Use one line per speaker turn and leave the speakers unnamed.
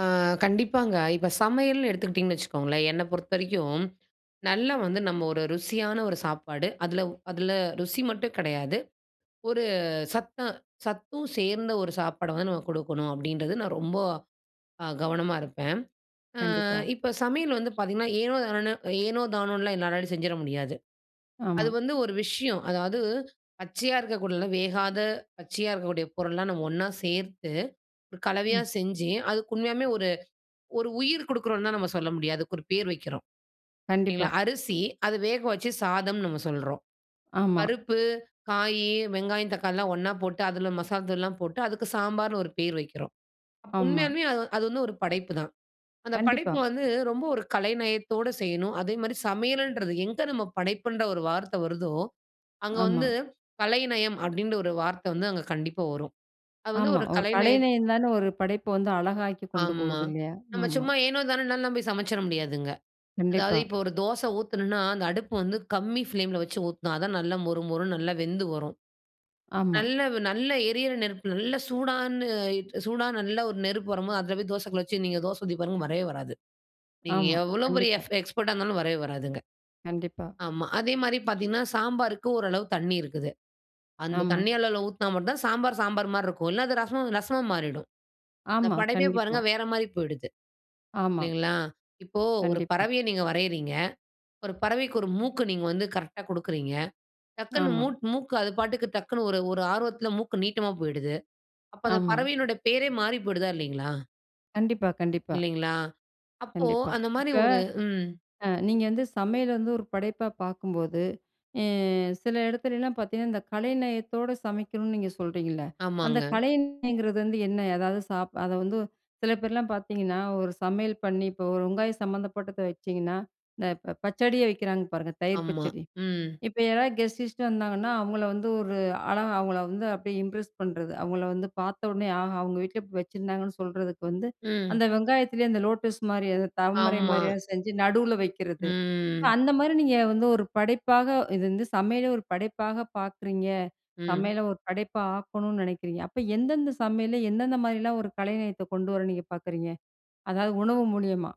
ஆ கண்டிப்பாங்க. இப்ப சமையல்னு எடுத்துக்கிட்டிங்கன்னு வச்சுக்கோங்களேன். என்ன பொறுத்த வரைக்கும் நல்லா வந்து நம்ம ஒரு ருசியான ஒரு சாப்பாடு அதில அதில ருசி மட்டும் கிடையாது. ஒரு சத்த சத்தும் சேர்ந்த ஒரு சாப்பாடு வந்து நம்ம குடுக்கணும், அப்டின்றது நான் ரொம்ப அ கவனமா இருப்பேன். ஆ
கண்டிப்பா.
இப்ப சமையல் வந்து பார்த்தீங்கன்னா, ஏனோ தானோனு ஏனோ தானோன்னுலாம் என்னாலாம் செஞ்சிட முடியாது. அது
ஆமா.
வந்து ஒரு விஷயம் அதாவது பச்சையா இருக்கக்கூடிய வேகாத பச்சையா இருக்கக்கூடிய பொருள்லாம் நம்ம ஒண்ணா சேர்த்து கலவையா
ம்.
செஞ்சு அதுக்கு உண்மையாவே ஒரு ஒரு உயிர் குடுக்கிறோம்ன்லா நம்ம சொல்ல முடியாது. அதுக்கு ஒரு பேர் வைக்கிறோம். இல்லைங்களா,
கண்டிப்பா.
அரிசி அத வேக வச்சு சாதம்னு நம்ம சொல்றோம்.
ஆமா.
பருப்பு, காய், வெங்காயம், தக்காளிலாம் ஒன்னா போட்டு அதில மசாலா தூள்லாம் போட்டு அதுக்கு சாம்பார்ன்னு ஒரு பேர் வைக்கிறோம். அப்ப
ஆமா.
உண்மையாலுமே அது அது வந்து ஒரு படைப்புதான். அந்த
கண்டிப்பா.
படைப்பு வந்து ரொம்ப ஒரு கலைநயத்தோடு செய்யணும், அதே மாரி சமையலன்றது எங்க நம்ம படைப்புன்ற ஒரு வார்த்த வருதோ, அங்க
ஆமா.
வந்து கலைநயம் அப்டின்ற ஒரு வார்த்தை வந்து அங்க கண்டிப்பா வரும். அது வந்து
ஆமா.
ஒரு
ஒரு
கலைநய
கலைநயம் தானே ஒரு படைப்ப வந்து அழகாக்கி கொண்டு
ஆமா.
போவுது இல்லையா,
நம்ம
ஆமா.
சும்மா ஏனோ தானோன்னால சமைச்சுற முடியாதுங்க. அதாவது
கண்டிப்பா.
இப்போ ஒரு தோசை ஊத்துனோம்ன்னா அந்த அடுப்பு வந்து கம்மி பிளேம்ல வச்சு ஊத்தணாதான் நல்ல மொறு மொறு நல்லா வெந்து வரும்.
ஆமா.
நல்ல நல்ல எரியிற நெருப்பு நல்ல சூடான சூடான நல்ல ஒரு நெருப்பு வரும்போது அதில போய் தோசை கல்ல வச்சு நீங்க தோச ஊதி பாருங்க வரவே வராது. நீங்க
ஆமா.
எவ்ளோ பெரிய
கண்டிப்பா.
எஃப் எக்ஸ்பர்ட்டா இருந்தாலும் வரவே வராதுங்க.
கண்டிப்பா.
ஆமா. அதே மாரி பார்த்தீங்கன்னா சாம்பாருக்கு ஓரளவு தண்ணீ இருக்குது. அந்த
ஆமா.
தண்ணீ அளவுல ஊத்துனா மட்டும் தான் சாம்பார், சாம்பார் மாரி இருக்கு. இல்ல அது ரசம் ரசமா மாறிடும். இந்த
ஆமா.
படைபே பாருங்க
கண்டிப்பா.
வேற மாரி போய்டுது.
ஆமா.
இல்லைங்களா? இப்போ ஒரு
கண்டிப்பா.
பறவைய நீங்க வரையிறீங்க. ஒரு பறவைக்கு 1 மூக்கு நீங்க வந்து கரெக்ட்டா குடுக்கிறீங்க. டக்ன்னு
ஆமா.
மூ மூக்கு அது பாட்டுக்கு டக்ன்னு ஒரு ஒரு ஆர்வத்தில மூக்கு நீட்டமா போய்டுது. அப்ப அந்த
ஆமா.
பறவையினுடைய பேரே மாறி போய்டுதா இல்லைங்களா?
கண்டிப்பா கண்டிப்பா.
இல்லைங்களா? அப்போ
கண்டிப்பா.
அந்த மாரி
இப்ப
ஒரு ம்.
ஆ நீங்க வந்து சமையல் வந்து ஒரு படைப்பா பார்க்கும்போது, இ சில இடத்துலலாம் பார்த்தீங்கன்னா, இந்த கலைநயத்தோட சமைக்கணும்னு நீங்க சொல்றிங்கள்ல, அந்த
ஆமாங்க.
கலைநயங்கிறது வந்து என்ன? எதாவது சாப் அத வந்து சில பேர்லாம் பார்த்தீங்கன்னா ஒரு சமையல் பண்ணி இப்போ ஒரு வெங்காயம் சம்மந்தப்பட்டத வச்சிங்கன்னா இந்த இப்ப ப பச்சடியை வைக்கிறாங்க பாருங்க, தயிர்
ஆமா.
பச்சடி.
ம்.
இப்ப யாராவது கெஸ்ட் கிஸ்ட்டு வந்தாங்கன்னா, அவுங்கள வந்து ஒரு அழகா அவங்கள வந்து அப்டியே இம்ப்ரெஸ் பண்றது, அவங்கள வந்து பார்த்தோனே ஆஹா! அவங்க வீட்ல வச்சிருந்தாங்கன்னு சொல்றதுக்கு வந்து,
ம்.
அந்த வெங்காயத்திலேயே அந்த லோட்டஸ் மாரி அந்த தமரை
ஆமா.
மாதிரியெல்லாம் செஞ்சு நடுவுல வக்கிறது.
ம்.
அந்த மாரி நீங்க வந்து ஒரு படைப்பாக, இது வந்து சமையலே ஒரு படைப்பாக பார்க்குறீங்க,
ம்.
சமையல ஒரு படைப்பா ஆக்கணும்னு நெனைக்கிறீங்க, அப்ப எந்தெந்த சமையல்ல? எந்தெந்த மாரிலாம்? ஒரு கலைநயத்தை கொண்டு வர நீங்க பார்க்குறீங்க. அதாவது உணவு மூலியமா?